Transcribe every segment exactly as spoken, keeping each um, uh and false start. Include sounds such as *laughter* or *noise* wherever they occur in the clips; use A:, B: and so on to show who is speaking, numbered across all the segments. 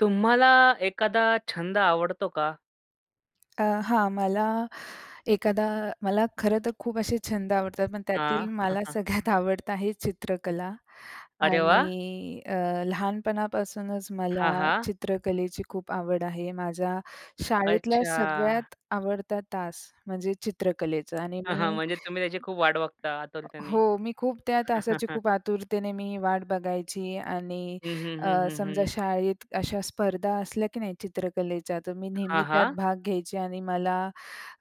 A: तुम्हाला एखादा छंद आवडतो का?
B: अ, हां, मला एखादा मला खरंतर खूप असे छंद आवडतात. पण
A: हां.
B: त्यातील मला
A: *chuckles*
B: सगळ्यात आवडतं आहे चित्रकला
A: अरे, वाह!
B: आणि अ, लहानपणापासूनच
A: हां,
B: मला
A: हां.
B: चित्रकलेची खूप आवड आहे. माझ्या शाळेतला
A: अच्छा.
B: सगळ्यात आवडता तास म्हणजे चित्रकलेचा आणि
A: हां, हां.
B: मी.
A: म्हणजे तुम्ही त्याची खूप वाट बघता आतुरतेने.
B: हो, मी खूप त्या तासाची
A: *chuckles*
B: खूप आतुरतेने मी वाट बघायची आणि
A: हं, हं, हं,
B: अ,
A: हं,
B: समजा
A: हं.
B: शाळेत अशा स्पर्धा असल्या की नाही चित्रकलेच्या तर मी नेहमी
A: हां,
B: त्यात
A: हां.
B: भाग घ्यायची आणि मला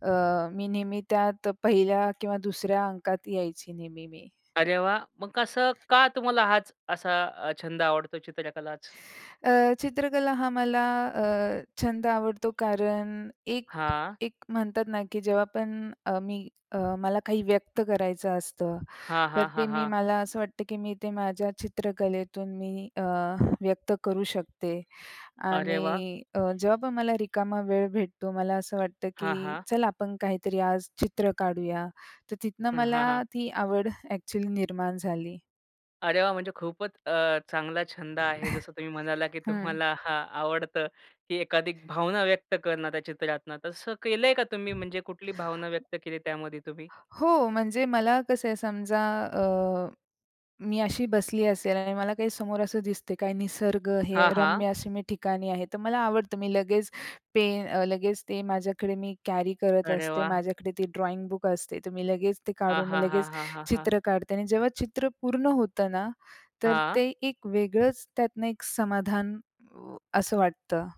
B: अ, मी नेहमी त्यात पहिल्या किंवा दुसऱ्या अंकात यायची मी नेहमी.
A: अरे, वाह! मग कसं का, तुम्हाला हाच असा अ, छंद आवडतो चित्रकलाच?
B: अ, चित्रकला हा मला अ, छंद आवडतो. कारण एक
A: हां.
B: एक म्हणतात ना की जेव्हा पण अ, मी मला काही व्यक्त करायचं असतं.
A: हां,
B: तर
A: हां,
B: ते
A: हां,
B: मी
A: हां.
B: मला असं वाटतं की मी ते माझ्या चित्रकलेतून मी अ, व्यक्त करू शकते
A: अरे, वाह!
B: आणि अ, जेव्हा पण मला रिकामा वेळ भेटतो. मला असं वाटतं,
A: हां,
B: की
A: हां.
B: चला आपण काहीतरी आज चित्र काढूया. तर तिथनं
A: हं, हां,
B: मला
A: हां.
B: ती आवड ॲक्चुअली निर्माण झाली.
A: अरे, वाह! म्हणजे खूपच अ, चांगला छंद आहे,
B: *chuckles*
A: जसं तुम्ही म्हणालात की
B: हं.
A: तुम्हाला हां, आवडतं, की एखादी भावना व्यक्त करणार त्या चित्रातनं. तसं केलंय का तुम्ही? म्हणजे कुठली भावना व्यक्त केली त्यामध्ये तुम्ही?
B: हो, म्हणजे मला कसं आहे समजा अ, मी अशी बसली असेल आणि मला काही समोर असं दिसते. काय निसर्ग हे
A: हां, हां.
B: रम्य अशी मी ठिकाणी आहे, तर मला आवडतं. मी लगेच पेन अ, लगेच ते माझ्याकडे मी कॅरी करत
A: अरे,
B: असते.
A: वाह!
B: माझ्याकडे ते ड्रॉइंग बुक असते. तर मी लगेच ते
A: हां,
B: काढून मी
A: हां, हां,
B: लगेच
A: हां, हां, हां.
B: चित्र काढते आणि जेव्हा चित्र पूर्ण होतं ना तर
A: हां.
B: ते एक वेगळंच त्यातनं एक समाधान अ, असं वाटतं.